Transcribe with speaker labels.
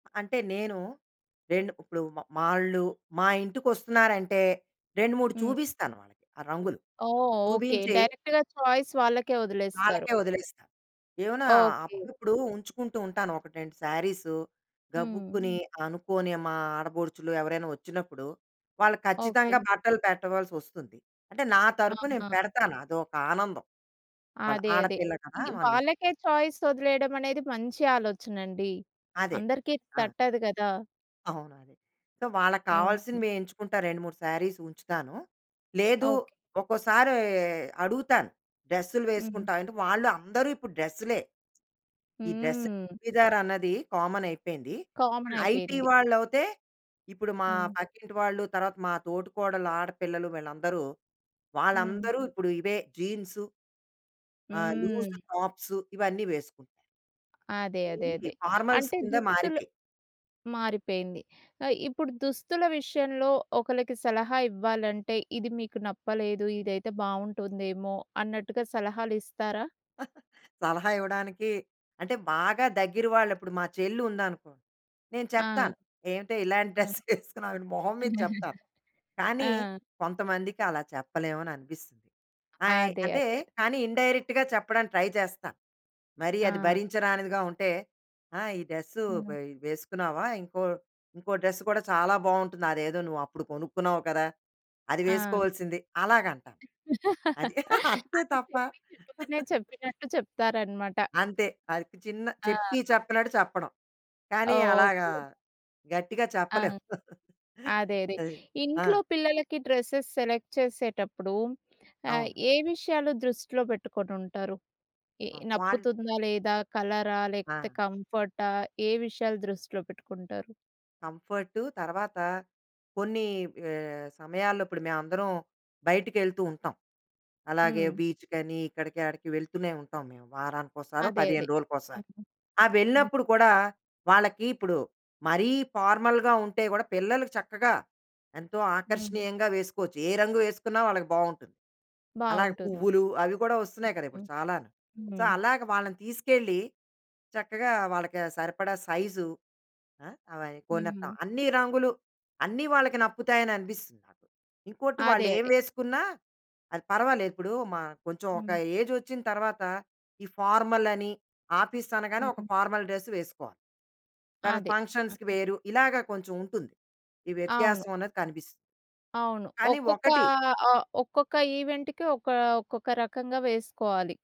Speaker 1: అంటే నేను, రెండు ఇప్పుడు మ మాళ్ళు మా ఇంటికొస్తున్నారంటే 2, 3
Speaker 2: హ్మ్.
Speaker 1: చూపిస్తాను వాళ్ళకి ఆ రంగులు.
Speaker 2: ఓహ్! ఓకే.
Speaker 1: చూపించి
Speaker 2: డైరెక్ట్‌గా చాయిస్ వాళ్ళకే వదిలేస్తారు.
Speaker 1: వాళ్ళకే వదిలేస్తా. ఏవన్నా
Speaker 2: ఓకే.
Speaker 1: అప్పుడప్పుడు ఉంచుకుంటూ ఉంటాను 1, 2 శారీసు.
Speaker 2: హ్మ్.
Speaker 1: గబుక్కుని అనుకోనే మా ఆడపడుచులు ఎవరైనా వచ్చినప్పుడు, వాళ్ళకు ఖచ్చితంగా
Speaker 2: ఓకే.
Speaker 1: బట్టలు పెట్టవలసి వస్తుంది. అంటే నా తరపు నే
Speaker 2: అవునా!
Speaker 1: పెడతాను. అది ఒక ఆనందం. వాళ్ళ
Speaker 2: అదే, అదే.
Speaker 1: ఆడపిల్ల కదా!
Speaker 2: ఈవ్
Speaker 1: మన ఇంటికి.
Speaker 2: వాళ్ళకే చాయిస్ వదిలేయడం అనేది మంచి ఆలోచనండి.
Speaker 1: అదే.
Speaker 2: అందరికి
Speaker 1: ఆ!
Speaker 2: తట్టదు గదా!
Speaker 1: అవును అదే. సో, వాళ్ళకి
Speaker 2: హుహు.
Speaker 1: కావాల్సిన‌వే ఎంచుకుంటా 2, 3 శారీస్ ఉంచుతాను. లేదు
Speaker 2: ఓకే.
Speaker 1: ఒక్కోసారి అడుగుతాను డ్రెస్సు‌లు
Speaker 2: హుహు.
Speaker 1: వేసుకుంటావా అంటే వాళ్ళు అందరూ ఇప్పుడు డ్రెస్సు‌లే. ఈ డ్రెస్,
Speaker 2: హ్మ్.
Speaker 1: చుడిధార్ అన్నది కామన్ అయిపోయింది.
Speaker 2: కామన్
Speaker 1: ఐటీ
Speaker 2: అయిపోయింది.
Speaker 1: వాళ్ళవుతే, ఇప్పుడు మా
Speaker 2: హ్మ్.
Speaker 1: పక్కింటి వాళ్ళు, తర్వాత మా తోటికోడళ్ళ ఆడపిల్లలు వీళ్ళందరూ
Speaker 2: హ్మ్.
Speaker 1: వాళ్ళందరూ ఇప్పుడు ఇవే జీన్సు, ఆహ్, లూజ్
Speaker 2: హ్మ్.
Speaker 1: టాప్సు ఇవన్నీ వేసుకుంటారు.
Speaker 2: అదే. అదే.
Speaker 1: ఇవి
Speaker 2: అదే.
Speaker 1: ఫార్మల్స్
Speaker 2: అంటే
Speaker 1: కింద
Speaker 2: దుస్తులు
Speaker 1: మారిపే
Speaker 2: మారిపోయింది. ఆహ్, ఇప్పుడు దుస్తుల విషయంలో ఒకళ్ళకి సలహా ఇవ్వాలంటే, ఇది మీకు నప్పలేదు. ఇదైతే బాగుంటుందేమో, అన్నట్టుగా సలహాలు ఇస్తారా?
Speaker 1: సలహా ఇవ్వడానికి, అంటే బాగా దగ్గర వాళ్ళు ఇప్పుడు మా చెల్లి ఉందనుకో, నేను
Speaker 2: ఆ!
Speaker 1: చెప్తాను. ఏవిటే ఇలాంటి డ్రెస్
Speaker 2: అవును.
Speaker 1: వేసుకున్నావు అని మొహం మీద చెప్తాను. కానీ,
Speaker 2: ఆ!
Speaker 1: కొంతమందికి అలా చెప్పలేము అని అనిపిస్తుంది. ఆయ్
Speaker 2: అదే,
Speaker 1: అంటే,
Speaker 2: అదే.
Speaker 1: కానీ ఇండైరెక్ట్‌గా చెప్పడానికి ట్రై చేస్తా. మరీ అది
Speaker 2: ఆ!
Speaker 1: భరించరానిదిగా ఉంటే ఆ! ఈ డ్రెస్సు
Speaker 2: హ్మ్.
Speaker 1: పై వేసుకున్నావా ఇంకో ఇంకో డ్రెస్సు కూడా చాలా బాగుంటుంది. అదేదో నువ్వు అప్పుడు కొనుక్కున్నావు కదా! అది
Speaker 2: ఆ!
Speaker 1: వేసుకోవాల్సింది. అలాగ అంటాను. అది. అంతే
Speaker 2: అంటే,
Speaker 1: తప్ప
Speaker 2: చెప్పి చెప్పకనే చెప్పినట్టు చెప్తారనమాట.
Speaker 1: అంతే. ఆడికి చిన్నగా చెప్పి,
Speaker 2: ఆహా!
Speaker 1: చెప్పనట్టు చెప్పడం. కానీ, అలాగా
Speaker 2: ఓకే.
Speaker 1: గట్టిగా
Speaker 2: ఆ!
Speaker 1: చెప్పలేం.
Speaker 2: అదేదే.
Speaker 1: అది. ఆ!
Speaker 2: ఇంట్లో పిల్లలకి డ్రెస్సెస్ సెలెక్ట్ చేసేటప్పుడు, ఆహ్,
Speaker 1: అవును.
Speaker 2: ఏ విషయాలు దృష్టిలో పెట్టుకొని ఉంటారు. ఈ
Speaker 1: ఆ! వాళ్ళు
Speaker 2: నప్పుతుందా? లేదా? కలరా? లేకపోతే,
Speaker 1: ఆ!
Speaker 2: కంఫర్టా? ఏ విషయాలు దృష్టిలో పెట్టుకుంటారు.
Speaker 1: కంఫర్టు, తర్వాత కొన్ని ఆహ్, సమయాల్లో ఇప్పుడు మేమందరం బయటికి వెళ్తూ ఉంటాం. అలాగే,
Speaker 2: హ్మ్.
Speaker 1: బీచ్‌కని ఇక్కడికి ఆడికి వెళ్తూనే ఉంటాం మేము. వారానికోసారో,
Speaker 2: అదే,
Speaker 1: 15
Speaker 2: అదే.
Speaker 1: రోజులకోసారి.
Speaker 2: హ్మ్, హ్మ్.
Speaker 1: ఆ!
Speaker 2: హ్మ్.
Speaker 1: వెళ్ళినప్పుడు కూడా వాళ్లకి ఇప్పుడు మరీ ఫార్మల్‌గా ఉంటే గూడా, పిల్లలుకి చక్కగా ఎంతో
Speaker 2: హ్మ్.
Speaker 1: ఆకర్షణీయంగా వేసుకోవచ్చు. ఏ రంగు వేసుకున్నా వాళ్ళకి బాగుంటుంది. అలాగే
Speaker 2: బావుంటుంది.
Speaker 1: పువ్వులు అవి కూడా వస్తున్నాయి కదా
Speaker 2: హుహు.
Speaker 1: ఇప్పుడు చాలాను. సో,
Speaker 2: హ్మ్.
Speaker 1: అలాగ వాళ్ళని తీసుకెళ్లి చక్కగా వాళ్ళకి ఆ సరిపడా సైజు. ఆ! అవి
Speaker 2: హ్మ్.
Speaker 1: కొనేత్తాం. అన్నీ రంగులు, అన్నీ వాళ్ళకి నప్పుతాయి అని అనిపిస్తుంది నాకు. ఇంకోటి
Speaker 2: అదే,
Speaker 1: వాళ్ళు ఏం
Speaker 2: అదే.
Speaker 1: వేసుకున్నా అది పర్వాలేదు. ఇప్పుడు మా కొంచెం ఒక
Speaker 2: హ్మ్.
Speaker 1: ఏజ్ వచ్చిన తర్వాత ఈ ఫార్మల్ అని ఆఫీస్ అనగానే ఒక
Speaker 2: హ్మ్.
Speaker 1: ఫార్మల్ డ్రెస్సు వేసుకోవాలి. తర్వాత
Speaker 2: అదే. హ్మ్,
Speaker 1: ఫంక్షన్స్‌కి
Speaker 2: హ్మ్.
Speaker 1: వేరు, ఇలాగ కొంచెం ఉంటుంది. ఈ
Speaker 2: అవును.
Speaker 1: వ్యత్యాసం అనేది కనిపిస్తుంది.
Speaker 2: అవును.
Speaker 1: కానీ,
Speaker 2: ఒక్కొక్క
Speaker 1: ఒకటి
Speaker 2: ఆహ్, ఒక్కొక్క ఈవెంట్‌కి ఒక ఒక్కొక్క రకంగా వేసుకోవాలి.